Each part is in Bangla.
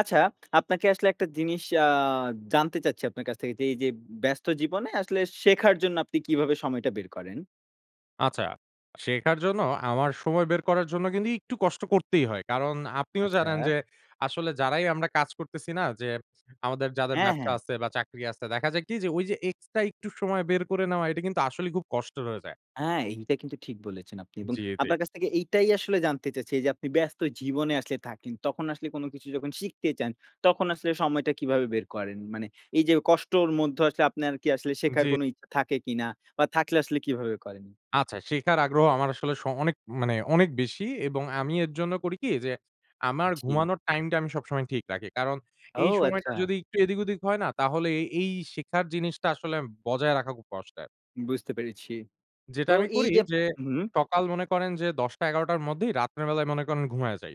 আচ্ছা। আপনাকে আসলে একটা জিনিস আ জানতে চাচ্ছি আপনার কাছ থেকে যে, এইযে ব্যস্ত জীবনে আসলে শেখার জন্য আপনি কীভাবে সময়টা বের করেন? আচ্ছা, শেখার জন্য আমার সময় বের করার জন্য কিন্তু একটু কষ্ট করতেই হয়। কারণ আপনিও জানেন আচ্ছা। যে আসলে যারাই আমরা কাজ করতেছি না। যে আমাদের যাদের হ্যাঁ, ব্যবসা হ্যাঁ। আছে বা চাকরি আছে, দেখা যায় কি যে ঐযে এক্সট্রা একটু সময় বের করে নেওয়া এটা কিন্তু আসলেই খুব কষ্টের হয়ে যায়। আ এইটা কিন্তু ঠিক বলেছেন আপনি। এবং জি, জি। আপনার কাছ থেকে এইটাই আসলে জানতে চাচ্ছি। এই যে আপনি ব্যস্ত জীবনে আসলে থাকেন, তখন আসলে কোনো কিছু যখন শিখতে চান তখন আসলে সময়টা কিভাবে বের করেন? মানে এইযে কষ্টর মধ্যে আসলে আপনার কি আসলে শেখার জি। কোনো ইচ্ছা থাকে কিনা বা থাকলে আসলে কিভাবে করেন? আচ্ছা, শেখার আগ্রহ আমার আসলে স অনেক মানে অনেক বেশি। এবং আমি এর জন্য করি কি? যে আমার জি। ঘুমানোর টাইমটা আমি সবসময় ঠিক রাখি। কারণ ও এই সময়টা আচ্ছা! যদি একটু এদিক ওদিক হয় না, তাহলে এ এই শেখার জিনিসটা আসলে বজায় রাখা খুব কষ্টের। বুঝতে পেরেছি। যেটা তো আমি এই করি যে যে উহুম। সকাল মনে করেন যে ১০ ১১ টার মধ্যেই রাত্রের বেলায় মনে করেন ঘুমাইয়া যাই।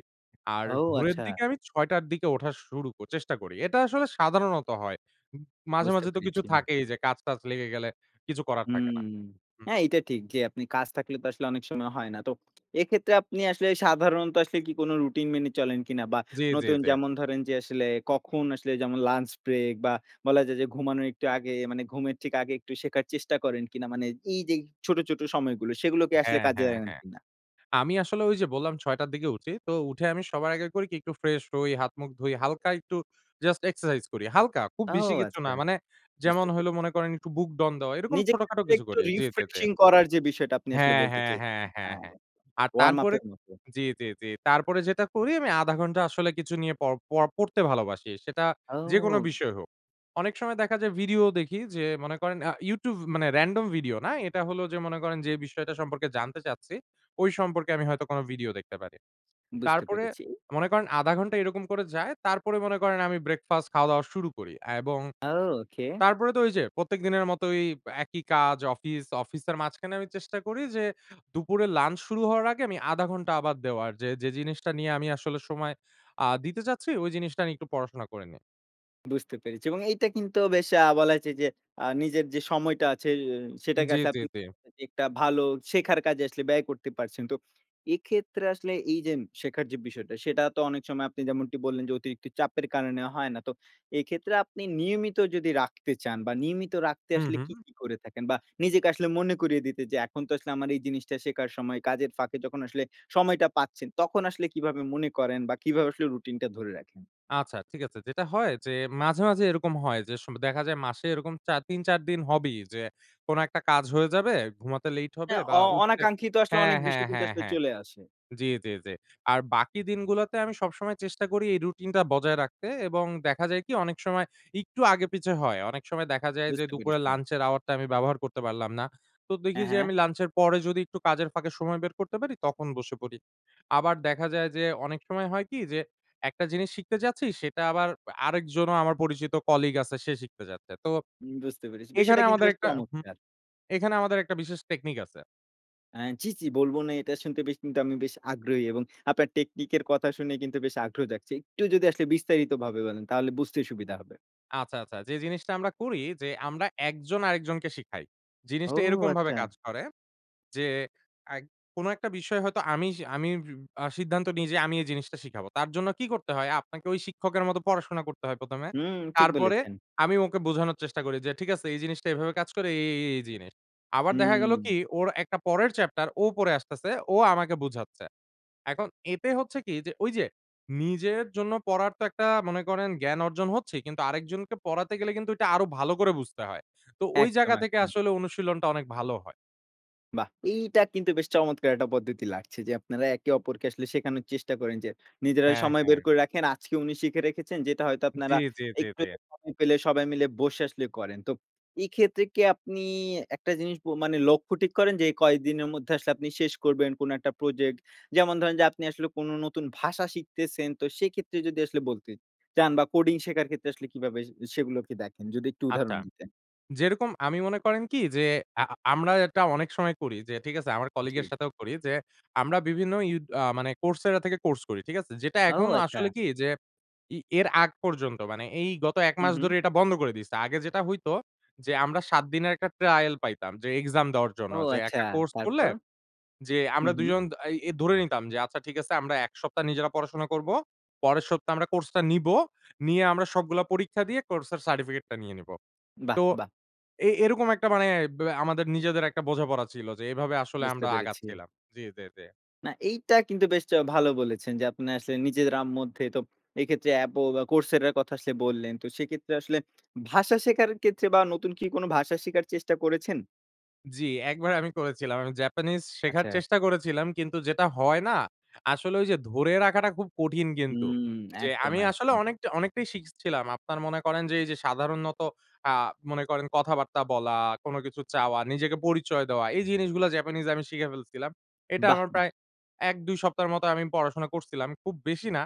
আর ও ভোরের আচ্ছা! দিকে আমি ৬ টার দিকে উঠা শুরু ক চেষ্টা করি। এটা আসলে সাধারণত হয়। ম মাঝে, বুঝতে মাঝে, তো কিছু পেরেছি। থাকেই যে কাজ-টাজ লেগে গেলে কিছু করার থাকে হুম না। হুম। হ্যাঁ, এইটা ঠিক। যে আপনি কাজ থাকলে তো আসলে অনেক সময় হয় না। তো এক্ষেত্রে আপনি আসলে সাধারণত আসলে কি কোন রুটিন মেনে চলেন কিনা? বা জি, জি, নতুন জি। যেমন ধরেন যে আসলে কখন আসলে যেমন লাঞ্চ ব্রেক বা বলা যায় যে ঘুমানোর একটু আগে, মানে ঘুমের ঠিক আগে একটু শেখার চেষ্টা করেন কিনা? মানে এইযে ছোট, ছোট, সময়গুলো সেগুলো কি আসলে হ্যাঁ, কাজে হ্যাঁ, [unintelligible] হ্যাঁ। কিনা? আমি আসলে ঐযে বল্লাম ৬ টার দিকে উঠি। তো উঠে আমি সবার আগে করি কি একটু ফ্রেশ হই। হাত মুখ ধুই হালকা একটু জাস্ট এক্সারসাইজ করি। হালকা খুব ও বেশি কিছু না। আচ্ছা! মানে যেমন বুঝতে হইলো পেরেছি। মনে করেন একটু বুকডাউন দেওয়া। এরকম নিজে ছোটখাটো তো কিছু একটু করি। জি, জি, জি। রিফ্রেশিং করার যে বিষয়টা আপনি আসলে হ্যাঁ, বলতে হ্যাঁ, চেয়ে হ্যাঁ, হ্যাঁ, হ্যাঁ, হ্যাঁ। আর তারপরে ওয়ার্ম-আপের মত। জি, জি, জি। তারপরে যেটা করি আমি ০.৫ ঘন্টা আসলে কিছু নিয়ে পড় প পড়তে ভালোবাসি। সেটা যেকোনো ও! বিষয় হোক। অনেক সময় দেখা যায় ভিডিও দেখি যে মনে করেন আ YouTube মানে র‍্যান্ডম ভিডিও না। এটা হলো যে মনে করেন যে বিষয়টা সম্পর্কে জানতে চাচ্ছি, ঐ সম্পর্কে আমি হয়তো কোনো ভিডিও দেখতে পারি। বুঝতে তারপরে পেরেছি। মনে করেন ০.৫ ঘন্টা এরকম করে যায়। তারপরে মনে করেন আমি ব্রেকফাস্ট খাওয়া-দাওয়া শুরু করি। এবং আও ওকে। তারপরে তো ঐযে প্রত্যেক দিনের মতই, একই কাজ অফিস, অফিসের মাঝখানে আমি চেষ্টা করি যে, দুপুরে লাঞ্চ শুরু হওয়ার আগে আমি ০.৫ ঘন্টা আবার দেওয়ার। যে, যে জিনিসটা নিয়ে আমি আসলে সময় আ দিতে চাচ্ছি ঐ জিনিসটা নিয়ে একটু পড়াশোনা করে নিই। বুঝতে পেরেছি। এবং এইটা কিন্তু বেশ আ বলা হয়েছে যে, আ নিজের যে সময়টা আছে, সেটাকে জি, আসলে জি, আপনি জি। [unintelligible] একটা ভালো শেখার কাজে আসলে ব্যয় করতে পারছেন। তো এক্ষেত্রে আসলে এই যে শেখার যে বিষয়টা, সেটা তো অনেক সময় আপনি যেমনটি বললেন যে, অতিরিক্ত চাপের কারণে হয় না। তো এক্ষেত্রে আপনি নিয়মিত যদি রাখতে চান বা নিয়মিত রাখতে হু, আসলে হু। কী, কী করে থাকেন? বা নিজেকে আসলে মনে করিয়ে দিতে যে, "এখন তো আসলে আমার এই জিনিসটা শেখার সময়।" কাজের ফাঁকে যখন আসলে সময়টা পাচ্ছেন, তখন আসলে কিভাবে মনে করেন বা কিভাবে আসলে রুটিনটা ধরে রাখেন? আচ্ছা, ঠিক আছে। যেটা হয় যে মাঝে, মাঝে এরকম হয়, যে সম দেখা যায় মাসে এরকম চার ৩-৪ দিন হবেই যে, কোন একটা কাজ হয়ে যাবে, ঘুমাতে লেইট মানে হবে বা অ উঠতে অনাকাঙ্ক্ষিত আসলে হ্যাঁ, অনেক হ্যাঁ, বিষয় কিন্তু হ্যাঁ, আসলে হ্যাঁ। চলে আসে। জি, জি, জি। আর বাকি দিনগুলোতে আমি সবসময় চেষ্টা করি এই রুটিন টা বজায় রাখতে এবং দেখা যায় কি অনেক সময় একটু আগে-পিছে হয়। অনেক সময় দেখা যায় যে, বুঝতে দুপুরে পেরেছি। লাঞ্চের আওয়ার টা আমি ব্যবহার করতে পারলাম না। তো দেখি হ্যাঁ, যে হ্যাঁ। আমি লাঞ্চের পরে যদি একটু কাজের ফাঁকে সময় বের করতে পারি, তখন বসে পড়ি। আবার দেখা যায় যে, অনেক সময় হয় কি যে একটা জিনিস শিখতে যাচ্ছি, সেটা আবার আরেকজনও আমার পরিচিত কলিগ আছে, সে শিখতে যাচ্ছে। তো বুঝতে পেরেছি। বিষয়টা এখানে কিন্তু আমাদের বেশ একটা হুম। চমৎকার! এখানে আমাদের একটা বিশেষ টেকনিক আছে। অ্যা জি, জি। বলবো না এটা শুনতে বেশ কিন্তু আমি বেশ আগ্রহী এবং আপনার টেকনিক এর কথা শুনে কিন্তু বেশ আগ্রহ জাগছে। একটু যদি আসলে বিস্তারিতভাবে বলেন, তাহলে বুঝতে সুবিধা হবে। আচ্ছা, আচ্ছা। যে জিনিসটা আমরা করি যে, আমরা একজন আরেকজনকে শিখাই। ও! জিনিসটা এরকমভাবে কাজ আচ্ছা। করে, যে অ্যাগ কোনো একটা বিষয় হয়তো আমি সি আমি সিউ আ সিদ্ধান্ত নিই যে, "আমি এই জিনিসটা শিখাবো।" তার জন্য কি করতে হয়? আপনাকে ওই শিক্ষকের মত পড়াশোনা করতে হয় ১ম এ। হুম, ঠিক তারপরে বলেছেন। আমি ওকে বোঝানোর চেষ্টা করি, যে "ঠিক আছে এই জিনিসটা এভাবে কাজ করে, এই, এই, এই জিনিস।" আবার দেখা গেলো হুম। কি? ওর একটা পরের চ্যাপ্টার, ও পড়ে আসতেছে। ও আমাকে বুঝাচ্ছে। এখন এতে হচ্ছে কি? যে ঐ যে, নিজের জন্য পড়ার তো একটা মনে করেন জ্ঞান অর্জন হচ্ছেই। কিন্তু আরেকজনকে পড়াতে গেলে কিন্তু ঐটা আরো ভালো করে বুঝতে হয়। তো ওই একদম, জায়গা থেকে একদম। আসলে অনুশীলনটা অনেক ভালো হয়। বাহ! এইটা কিন্তু বেশ চমৎকার একটা পদ্ধতি লাগছে। যে আপনারা একে অপরকে আসলে শেখানোর চেষ্টা করেন, যে নিজেরা হ্যাঁ, সময় বের হ্যাঁ। করে রাখেন। আজকে উনি শিখে রেখেছেন, যেটা হয়তো জি, আপনারা জি, জি, একটু জি। সময় পেলে সবাই মিলে বসে আসলে করেন। তো এক্ষেত্রে কি আপনি একটা জিনিস প মানে লক্ষ্য ঠিক করেন যে, কয়দিনের মধ্যে আসলে আপনি শেষ করবেন, কোন একটা প্রজেক্ট? যেমন ধরেন যে আপনি আসলে কোন নতুন ভাষা শিখতেছেন, তো সেক্ষেত্রে যদি আসলে বলতে চান বা কোডিং শেখার ক্ষেত্রে আসলে কিভাবে সে সেগুলোকে দেখেন? যদি একটু আচ্ছা। উদাহরণ দিতেন? যেরকম আমি মনে করেন কি যে, আ আমরা এটা অনেক সময় করি, যে ঠিক আছে আমার কলিগ এর জি। সাথেও করি, যে আমরা বিভিন্ন ইউ আ মানে Coursera থেকে কোর্স করি। ঠিক আছে? যেটা ও! এখন আসলে আচ্ছা। কি যে ই এর আগ পর্যন্ত, মানে এই গত 1 হু, মাস হু। ধরে এটা বন্ধ করে দিছে। আগে যেটা হইত, যে আমরা ৭ দিনের একটা ট্রায়াল পাইতাম। যে এক্সাম দেওয়ার জন্য। ও! যে আচ্ছা। একটা কোর্স করলে তারপর? যে, হু, আমরা ২ হু। জন এ আই ধরে নিতাম, যে আচ্ছা ঠিক আছে আমরা এক সপ্তাহ নিজেরা পড়াশোনা করব। পরের সপ্তাহে আমরা কোর্স টা নিবো। নিয়ে আমরা সবগুলা পরীক্ষা দিয়ে, কোর্সের সার্টিফিকেট টা নিয়ে নিবো। বাহ! তো বাহ! এ এরকম একটা মানে ব্যা আমাদের নিজেদের একটা বোঝাপড়া ছিল, যে এভাবে আসলে বুঝতে আমরা পেরেছি। আগাচ্ছিলাম। জি, জি, জি। না এইটা কিন্তু বেশ চ ভালো বলেছেন যে, আপনি আসলে নিজে রাম মধ্যে তো এইক্ষেত্রে অ্যাপও বা Coursera-র কথা আসলে বললেন। তো সেক্ষেত্রে আসলে ভাষা শেখার ক্ষেত্রে বা নতুন কি কোন ভাষা শিখার চেষ্টা করেছেন? জি, ১বার আমি করেছিলাম। আমি জাপানিজ শেখার আচ্ছা। চেষ্টা করেছিলাম। কিন্তু যেটা হয় না! আসলে ঐ যে ধরে রাখাটা খুব কঠিন কিন্তু। হুম, যে একদম, আমি আসলে একদম। অনেকটা অনেকটাই শিখছিলাম। আপনার মনে করেন যে এই যে, সাধারণত আ মনে করেন কথাবার্তা বলা, কোন কিছু চাওয়া, নিজেকে পরিচয় দেওয়া, এই জিনিসগুলা জাপানিজ আমি শিখে ফেলছিলাম। এটা বাহ! আমার বাহ! প্রায় ১,২ সপ্তাহের মত আমি পড়াশোনা করছিলাম। খুব বেশি না।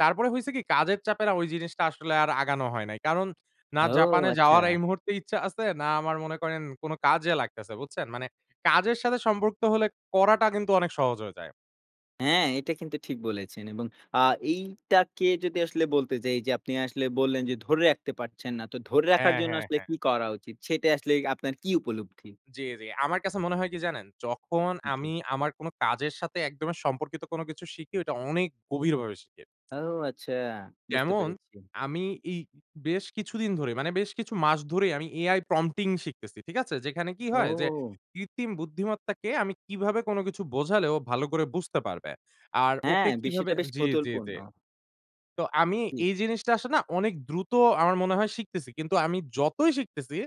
তারপরে হইছে কি কাজের চাপে না ওই জিনিসটা আসলে আর আগানো হয় নাই। কারণ না ও জাপানে যাওয়ার এই আচ্ছা। মুহূর্তে ইচ্ছা আছে। না আমার মনে করেন কোন কাজে লাগতেছে। বুঝছেন? মানে কাজের সাথে সম্পর্ক হলে করাটা কিন্তু অনেক সহজ হয়ে যায়। হ্যাঁ, এটা কিন্তু ঠিক বলেছেন এবং আ এইটাকে যদি আসলে বলতে যাই যে, আপনি আসলে বললেন যে ধরে রাখতে পারছেন না, তো ধরে রাখার হ্যাঁ, জন্য হ্যাঁ, আসলে হ্যাঁ। কী করা উচিত সেটা আসলে আপনার কি উপলব্ধি? জি, জি। আমার কাছে মনে হয় কি জানেন? যখন জি। আমি আমার কোন কাজের সাথে একদমে সম্পর্কিত কোন কিছু শিখি ওইটা অনেক গভীরভাবে শিখি। ও আচ্ছা, বুঝতে যেমন পেরেছি। আমি এই বেশ কিছুদিন ধরেই, মানে বেশ কিছু মাস ধরেই আমি AI prompting শিখতেছি। ঠিক আছে? যেখানে কী হয় যে ও। কৃত্রিম বুদ্ধিমত্তাকে আমি কিভাবে কোন কিছু বোঝালে ও ভালো করে বুঝতে পারবে? আর ওকে হ্যাঁ, কিভাবে বিষয়টা বেশ জি, জি, কৌতূহলপূর্ণ। জি। তো আমি জি। এই জিনিসটা আসে না অনেক দ্রুত আমার মনে হয় শিখতেছি। কিন্তু আমি যতই শিখতেছি,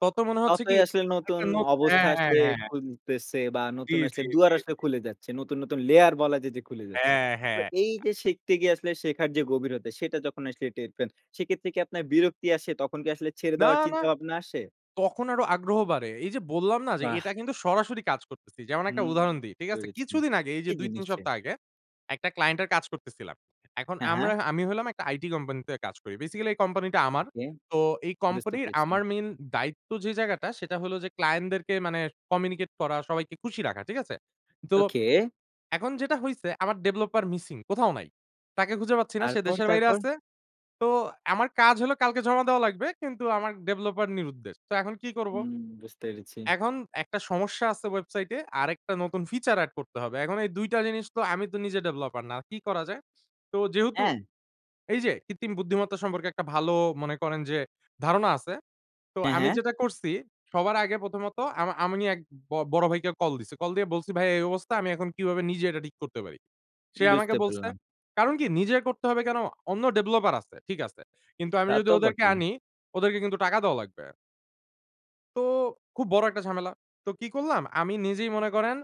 ততই মনে হচ্ছে কি ততই আসলে একটা নতুন নতু অবস্থা হ্যাঁ, হ্যাঁ, আসলে হ্যাঁ। খুলতেছে বা জি, নতুন জি, আসলে দুয়ার জি, আসলে জি। খুলে যাচ্ছে। নতুন, নতুন, লেয়ার বলা যায় যে খুলে যাচ্ছে। হ্যাঁ, তো হ্যাঁ। এই যে শিখতে গিয়ে আসলে শেখার যে গভীরতা। সেটা যখন আসলে টের পান সেক্ষেত্রে কি আপনার বিরক্তি আসে? তখন কি আসলে ছেড়ে না, দেওয়ার না। চিন্তাভাবনা আসে? তখন আরো আগ্রহ বাড়ে। এই যে বল্লাম না যে এটা বাহ! কিন্তু সরাসরি কাজ করতেছি। যেমন একটা হুম, উদাহরণ দেই। ঠিক আছে? বুঝতে পেরেছি। কিছুদিন আগে এই যে এই ২,৩ জিনিসটাই। সপ্তাহ আগে। একটা ক্লায়েন্ট এর কাজ করতেছিলাম। এখন হ্যাঁ, আমরা হ্যাঁ। আমি হইলাম একটা আইটি কোম্পানি তে কাজ করি। বেসিক্যালি এই কোম্পানি টা আমার। ওকে। তো এই বুঝতে কোম্পানির পেরেছি। আমার মেইন দায়িত্ব যে জায়গাটা সেটা হলো যে, ক্লায়েন্ট দেরকে মানে কমিউনিকেট করা, সবাইকে খুশি রাখা। ঠিক আছে? তো okay। এখন যেটা হইছে আমার developer missing কোথাও নাই। তাকে খুঁজে পাচ্ছি না। সে তারপর, দেশের বাইরে তারপর? আছে। তো আমার কাজ হলো কালকে জমা দেওয়া লাগবে। কিন্তু আমার developer নিরুদ্দেশ। তো এখন কী করব? হুম, বুঝতে পেরেছি। এখন একটা সমস্যা আছে ওয়েবসাইটে। আরেকটা নতুন ফিচার এড করতে হবে। এখন এই ২ টা জিনিস তো আমি তো নিজে ডেভেলপার না। কী করা যায়? তো যেহেতু হ্যাঁ। এই যে, কৃত্রিম বুদ্ধিমত্তা সম্পর্কে একটা ভালো মনে করেন যে ধারণা আছে। তো হ্যাঁ, আমি হ্যাঁ। যেটা করছি সবার আগে প্রথমত আমা আমি নি এক ব বড় ভাইকে কল দিছি। কল দিয়ে বলছি, "ভাই এই অবস্থা আমি এখন কীভাবে নিজে এটা ঠিক করতে পারি?" সে আমাকে বুঝতে বলছে। পারলাম। কারণ কি নিজে করতে হবে কেন? অন্য ডেভেলপার আছে। ঠিক আছে। কিন্তু আমি তা যদি তো ওদেরকে বটেই। আনি, ওদেরকে কিন্তু টাকা দেওয়া লাগবে। তো খুব বড় একটা ঝামেলা। তো কি করলাম? আমি নিজেই মনে করেন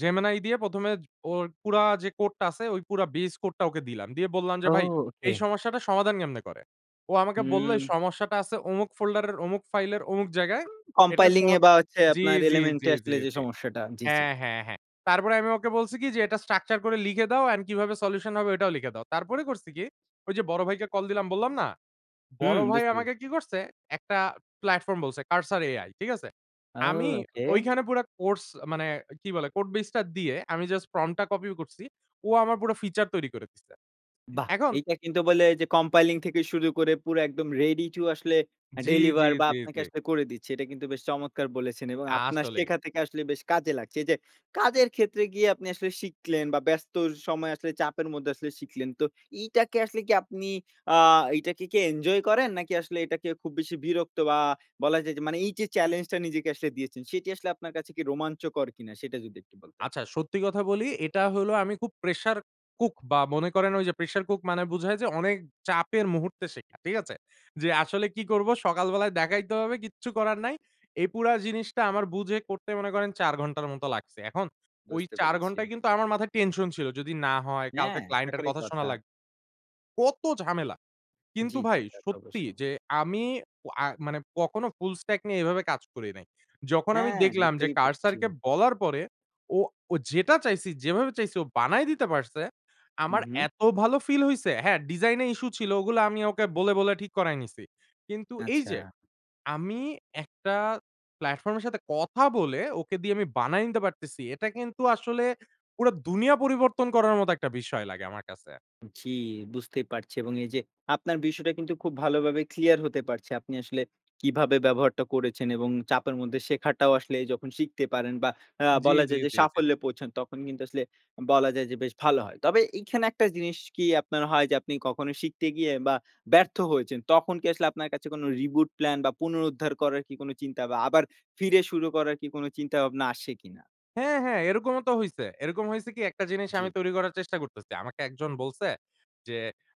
Gemini দিয়ে ১ম এ ওর পুরা যে কোড টা আছে, ওই পুরা বেস কোড টা ওকে দিলাম। দিয়ে বললাম যে ও ভাই ওকে। এই সমস্যাটা সমাধান কেমনে করে? ও আমাকে বলল এই হুম। সমস্যাটা আছে অমুক ফোল্ডার এর, অমুক ফাইলের, অমুক জায়গায়। এটার কম্পাইলিং সমা এ বা হচ্ছে জি, আপনার জি, এলিমেন্ট জি, এ জি, আসলে যে জি। সমস্যাটা। জি, জি। হ্যাঁ, হ্যাঁ, হ্যাঁ। তারপরে আমি ওকে বলছি কি? যে এটা স্ট্রাকচার করে লিখে দাও। অ্যান্ড কিভাবে সলিউশন হবে ওটাও লিখে দাও। তারপরে করছি কি? ওই যে বড় ভাইকে কল দিলাম বললাম না? বড় হুম ভাই বুঝতে পেরেছি। আমাকে কি করছে? একটা প্লাটফর্ম বলছে Cursor AI ঠিক আছে? আও আমি ওকে। ঐখানে পুরা কোর্স মানে কি বলে? কোড বেস টা দিয়ে আমি জাস্ট প্রম্প টা কপি করছি। ও আমার পুরো ফিচার তৈরি করে দিছে। বাহ! এখন এইটা কিন্তু বলে যে কম্পাইলিং থেকে শুরু করে পুরো একদম রেডি টু আসলে জি, জি, ডেলিভার বা জি, আপনাকে জি। আসলে করে দিচ্ছে। এটা কিন্তু বেশ চমৎকার বলেছেন এবং আপনার আসলেই। শেখা থেকে আসলে বেশ কাজে লাগছে। এই যে কাজের ক্ষেত্রে গিয়ে আপনি আসলে শিখলেন বা ব্যস্ত সময় আসলে চাপের মধ্যে আসলে শিখলেন। তো এইটাকে আসলে কি আপনি, আ এইটাকে কি এনজয় করেন, নাকি আসলে এটাকে খুব বেশি বিরক্ত বা বলা যায় যে মানে এই যে চ্যালেঞ্জটা নিজেকে আসলে দিয়েছেন, সেটি আসলে আপনার কাছে কি রোমাঞ্চকর কিনা? সেটা যদি একটু বলতেন। আচ্ছা। সত্যি কথা বলি। এটা হলো আমি খুব প্রেশার কুক বা মনে করেন ঐ যে প্রেশার কুক মানে বুঝায় যে অনেক চাপের মুহূর্তে শেখা। ঠিক আছে? জি আসলে কি করবো? সকাল বেলায় দেখাইতে হবে কিচ্ছু করার নাই। এই পুরা জিনিসটা আমার বুঝে করতে মনে করেন, ৪ ঘন্টার মতো লাগছে। এখন ওই বুঝতে ৪ পেরেছি। ঘন্টায় কিন্তু আমার মাথায় টেনশন ছিল। যদি না হয়? কালকে হ্যাঁ, ক্লায়েন্টের এর থাকারই কথা শোনা কথা। লাগ কত ঝামেলা। জি, কিন্তু জি, ভাই তা তো সত্যি অবশ্যই। যে আমি ও আ মানে কখনো ফুল স্ট্যাক নিয়ে এভাবে কাজ করি নাই। যখন আমি হ্যাঁ দেখলাম যে বুঝতেই Cursor পারছি। কে বলার পরে ও ও যেটা চাইছি, যেভাবে চাইছে ও বানায় দিতে পারছে, হু, আমার হু। এত ভালো ফিল হইছে। হ্যাঁ, ডিজাইন এ ইস্যু ছিল, ওগুলো আমি ওকে বলে, বলে, ঠিক করাই নিসি। কিন্তু এই আচ্ছা। যে, আমি একটা প্ল্যাটফর্ম এর সাথে কথা বলে, ওকে দিয়ে আমি বানায় নিতে পারতেছি। এটা কিন্তু আসলে পুরো দুনিয়া পরিবর্তন করার মতো একটা বিষয় লাগে আমার কাছে। জি, বুঝতেই পারছি এবং এই যে আপনার বিষয়টা কিন্তু খুব ভালোভাবে ক্লিয়ার হতে পারছি। আপনি আসলে কিভাবে ব্যবহারটা করেছেন এবং চাপের মধ্যে শেখাটাও আসলে যখন শিখতে পারেন বা আ জি, বলা জি, যায় যে জি, জি। সাফল্যে পৌঁছান, তখন কিন্তু আসলে বলা যায় যে, বেশ ভালো হয়। তবে এখানে একটা জিনিস কি আপনার হয়, যে আপনি কখনো শিখতে গিয়ে বা ব্যর্থ হয়েছেন, তখন কি আসলে আপনার কাছে কোনো রিবুট প্ল্যান বা পুনরুদ্ধার করার কি কোনো চিন্তা বা আবার ফিরে শুরু করার কি কোনো চিন্তাভাবনা আসে কিনা? হ্যাঁ, হ্যাঁ। এরকমও তো হইছে। এরকম হইছে কি একটা জিনিস জি। আমি তৈরি করার চেষ্টা করতেছি। আমাকে একজন বলছে যে,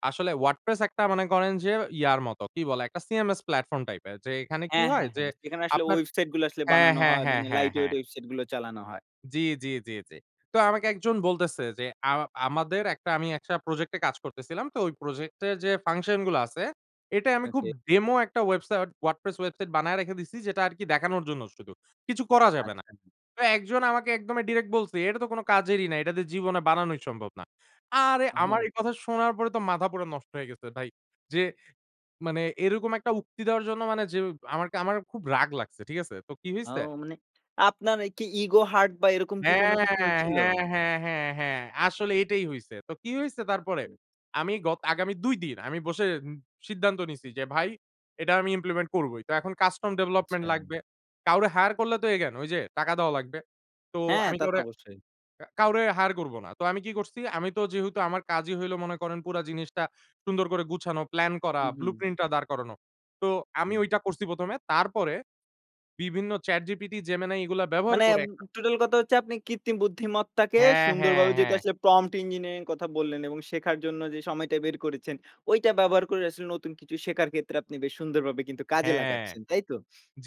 আসলে WordPress একটা মনে করেন যে ইয়ার মতো। কি বলে? একটা CMS প্ল্যাটফর্ম টাইপের। যে এখানে কি হ্যাঁ, হয়? হ্যাঁ, যে হ্যাঁ। সেখানে আসলে আপনার ওয়েবসাইট গুলো আসলে হ্যাঁ, বানানো হ্যাঁ হয়। ,হ্যাঁ, মানে হ্যাঁ, লাইট ওয়েট হ্যাঁ। ওয়েবসাইট গুলো চালানো হয়। জি, জি, জি, জি। তো আমাকে একজন বলতেছে যে, আ আমাদের একটা আমি ১ টা প্রজেক্ট এ কাজ করতেছিলাম। তো ওই প্রজেক্ট এর যে ফাংশন গুলো আছে, এটাই আমি খুব ওকে। ডেমো একটা ওয়েবসাইট WordPress ওয়েবসাইট বানায়ে রেখে দিয়েছি। যেটা আরকি দেখানোর জন্য শুধু। কিছু করা যাবে না। আচ্ছা, হ্যাঁ। তো একজন আমাকে একদম ডিরেক্ট বলছে, এটা তো কোনো কাজেরই না। এটা দিয়ে জীবনে বানানোই সম্ভব না। আরে আমার আমার। এই কথা শোনার পরে তো মাথা পুরা নষ্ট হয়ে গেছে ভাই। যে মানে এরকম একটা উক্তি দেওয়ার জন্য মানে যে আমাকে আমার খুব রাগ লাগছে। ঠিক আছে? তো কি হইছে? আও মানে আপনার কি ইগো হার্ট বা এরকম কি হ্যাঁ, কোন কিছু হয়েছিল? হ্যাঁ, হ্যাঁ, হ্যাঁ, হ্যাঁ। আসলে এটাই হইছে। তো কি হইছে তারপরে? হুম। আমি গত আগামী ২ দিন আমি বসে সিদ্ধান্ত নিচ্ছি, যে ভাই এটা আমি ইমপ্লিমেন্ট করবই। তো এখন কাস্টম ডেভেলপমেন্ট আচ্ছা। লাগবে। কাউরে হায়ার করলে তো again ওই যে টাকা দেওয়া লাগবে। তো হ্যাঁ, আমি তা তো কাউরে, অবশ্যই। কা কাউরে, হায়ার করব না। তো আমি কি করছি? আমি তো যেহেতু আমার কাজই হইলো মনে করেন, পুরা জিনিসটা সুন্দর করে গুছানো, প্লান করা, হু, হু। ব্লুপ্রিন্ট টা দাঁড় করানো। তো আমি হুম। ঐটা করছি প্রথমে। তারপরে বিভিন্ন ChatGPT, Gemini এগুলো ব্যবহার মানে করে ম [unintelligible] টোটাল কথা হচ্ছে আপনি কৃত্রিম বুদ্ধিমত্তাকে হ্যাঁ, হ্যাঁ, সুন্দরভাবে যেহেতু হ্যাঁ। আসলে প্রমট ইঞ্জিনিয়ারিং কথা বললেন এবং শেখার জন্য যে সময়টা বের করেছেন, ওইটা ব্যবহার করে আসলে নতুন কিছু শেখার ক্ষেত্রে আপনি বেশ সুন্দরভাবে কিন্তু কাজে হ্যাঁ। লাগাচ্ছেন। তাই তো?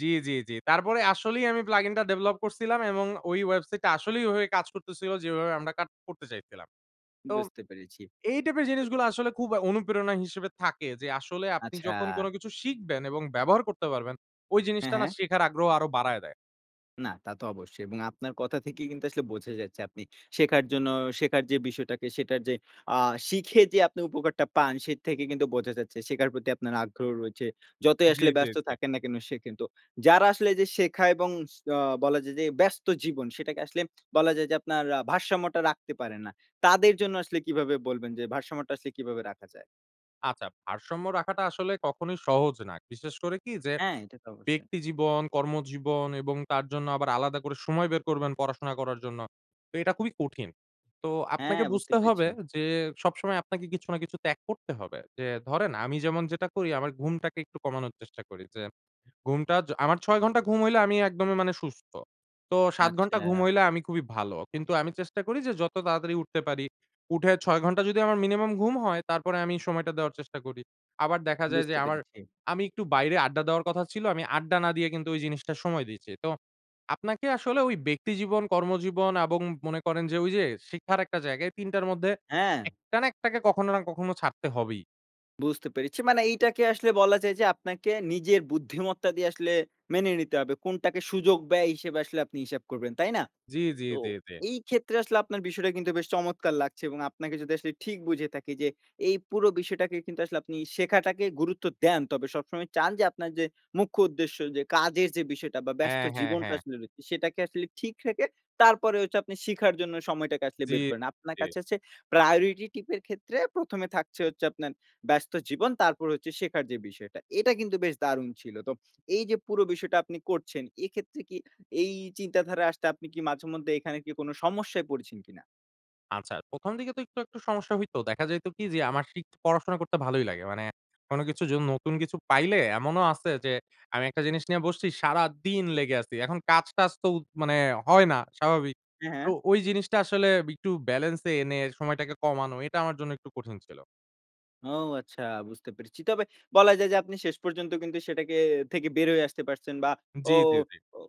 জি, জি, জি। তারপরে আসলেই আমি প্লাগ ইন টা ডেভেলপ করছিলাম এবং ওই ওয়েবসাইটটা আসলেই ওইভাবে কাজ করতেছিলো, যেভাবে আমরা কাজ করতে চাইছিলাম। তো, বুঝতে পেরেছি। এই টাইপের জিনিসগুলো আসলে খুব অ অনুপ্রেরণা হিসেবে থাকে। যে আসলে আপনি আচ্ছা যখন কোন কিছু শিখবেন এবং ব্যবহার করতে পারবেন, ওই হ্যাঁ, জিনিসটা না হ্যাঁ। শেখার আগ্রহ আরও বাড়ায় দেয়। না। তা তো অবশ্যই। এবং আপনার কথা থেকেই কিন্তু আসলে বোঝা যাচ্ছে আপনি শেখার জন্য, শেখার যে বিষয়টাকে সেটার যে আ শিখে যে আপনি উপকারটা পান। সে থেকে কিন্তু বোঝা যাচ্ছে শেখার প্রতি আপনার আগ্রহ রয়েছে। যতই জি, আসলে জি, ব্যস্ত জি। থাকেন না কেন শেখেন। তো যারা আসলে এইযে শেখা এবং স অ বলা যায় যে ব্যস্ত জীবন সেটাকে আসলে বলা যায় যে, আপনার আ ভারসাম্যটা রাখতে পারে না, তাদের জন্য আসলে কীভাবে বলবেন যে ভারসাম্যটা আসলে কীভাবে রাখা যায়? আচ্ছা। ভারসাম্য রাখাটা আসলে কখনোই সহজ না। বিশেষ করে কি যে, হ্যাঁ। এটা তো অবশ্যই। ব্যক্তিজীবন, কর্মজীবন এবং তার জন্য আবার আলাদা করে সময় বের করবেন পড়াশোনা করার জন্য। তো এটা খুবই কঠিন। তো হ্যাঁ, আপনাকে বুঝতে বুঝতে হবে পেরেছি। যে, সবসময় আপনাকে কিছু না কিছু ত্যাগ করতে হবে। যে ধরেন আমি যেমন যেটা করি, আমার ঘুমটাকে একটু কমানোর চেষ্টা করি। যে ঘুমটা য আমার ৬ ঘন্টা ঘুম হইলে আমি একদমই মানে সুস্থ। তো ৭ ঘন্টা ঘুম আচ্ছা। হইলে আমি খুবই ভালো। কিন্তু আমি চেষ্টা করি যে যত তাড়াতাড়ি উঠতে পারি। উঠে ৬ ঘন্টা যদি আমার মিনিমাম ঘুম হয় তারপরে আমি সময়টা দেওয়ার চেষ্টা করি। আবার দেখা যায় যে বুঝতে আমার, পেরেছি। আমি একটু বাইরে আড্ডা দেওয়ার কথা ছিল আমি আড্ডা না দিয়ে কিন্তু ঐ জিনিসটা সময় দিচ্ছি। তো আপনাকে আসলে ঐ ব্যক্তিজীবন, কর্মজীবন এবং মনে করেন যে ঐযে শিখার একটা জায়গায় ৩ টার মধ্যে হ্যাঁ। ১ টা না একটাকে কখনো না কখনো ছাড়তে হবেই। বুঝতে পেরেছি। মানে এইটাকে আসলে বলা যায় যে আপনাকে নিজের বুদ্ধিমত্তা দিয়ে আসলে মেনে নিতে হবে। কোনটাকে সুযোগ ব্যয় হিসেবে আসলে আপনি হিসাব করবেন, তাই না? জি, জি, তো জি, জি। এইক্ষেত্রে আসলে আপনার বিষয়টা কিন্তু বেশ চমৎকার লাগছে এবং আপনাকে যদি আসলে ঠিক বুঝে থাকি যে, এই পুরো বিষয়টাকে কিন্তু আসলে আপনি শেখাটাকে গুরুত্ব দেন। তবে সবসময় চান যে আপনার যে মুখ্য উদ্দেশ্য যে কাজের যে বিষয়টা বা, ব্যস্ত হ্যাঁ, হ্যাঁ, জীবনটা হ্যাঁ। আসলে রয়েছে, সেটাকে আসলে ঠিক রেখে, তারপরে হচ্ছে আপনি শিখার জন্য সময়টাকে আসলে জি, জি, বের করেন। আপনার জি। কাছে হচ্ছে priority tip এর ক্ষেত্রে ১ম এ থাকছে হচ্ছে আপনার ব্যস্ত জীবন, তারপর হচ্ছে শেখার যে বিষয়টা। এটা কিন্তু বেশ দারুণ ছিল। তো এইযে পুরো বিষয়টা আপনি করছেন, এক্ষেত্রে কি এই চিন্তাধারায় আসতে আপনি কি মাঝেমধ্যে এখানে কোন সমস্যায় পড়েছেন কিনা? আচ্ছা, ১ম দিকে তো একটু, আকটু সমস্যা হইতো। দেখা যাইত কি যে আমার শিট পড়াশোনা করতে ভালোই লাগে। মানে কোনো কিছু য নতুন কিছু পাইলে এমনও আছে যে আমি একটা জিনিস নিয়ে বসছি, সারাদিন লেগে আছি। এখন কাজ-টাজ তো উ মানে হয় না, স্বাভাবিক। হ্যাঁ, তো হ্যাঁ। ওই জিনিসটা আসলে একটু ব্যলেন্সে এনে সময়টাকে কমানো। এটা আমার জন্য একটু কঠিন ছিল। ও, আচ্ছা। বুঝতে পেরেছি। তবে বলা যায় যে আপনি শেষ পর্যন্ত কিন্তু সেটাকে থেকে বের হয়ে আসতে পারছেন বা, জি, ও জি, জি। ও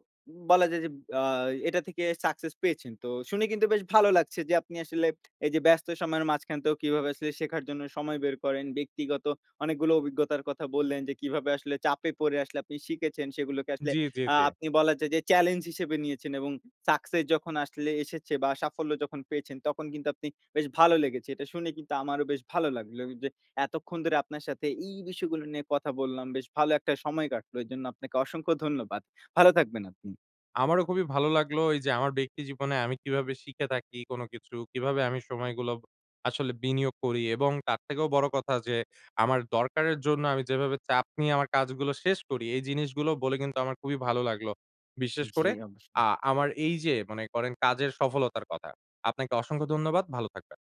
বলা যায় যে আ এটা থেকে সাকসেস পেয়েছেন। তো শুনে কিন্তু বেশ ভালো লাগছে যে আপনি আসলে এইযে ব্যস্ত সময়ের মাঝখান তেও কিভাবে আসলে শেখার জন্য সময় বের করেন। ব্যক্তিগত অনেকগুলো অভিজ্ঞতার কথা বললেন যে, কিভাবে আসলে চাপে পড়ে আসলে আপনি শিখেছেন, সেগুলোকে আসলে জি, জি, আ জি। আপনি বলা যায় যে চ্যালেঞ্জ হিসেবে নিয়েছেন এবং সাকসেস যখন আসলে এসেছে বা, সাফল্য যখন পেয়েছেন, তখন কিন্তু আপনি বেশ ভালো লেগেছ। এটা শুনে কিন্তু আমারও বেশ ভালো লাগলো ও যে এতক্ষণ ধরে আপনার সাথে এই বিষয়গুলো নিয়ে কথা বললাম। বেশ ভালো একটা সময় কাটলো। এজন্য আপনাকে অসংখ্য ধন্যবাদ। ভালো থাকবেন আপনি। আমারও খুবই ভালো লাগলো এইযে আমার ব্যক্তি জীবনে আমি কিভাবে শিখে থাকি কোনো কিছু, কিভাবে আমি সময়গুলো আসলে বিনিয়োগ করি এবং তার থেকেও বড় কথা যে আমার দরকারের জন্য আমি যেভাবে চাপ নিয়ে আমার কাজগুলো শেষ করি, এই জিনিসগুলো বলে কিন্তু আমার খুবই ভালো লাগলো। বিশেষ জি, করে অবশ্যই। আ আমার এইযে মনে করেন কাজের সফলতার কথা। আপনাকে অসংখ্য ধন্যবাদ। ভালো থাকবেন।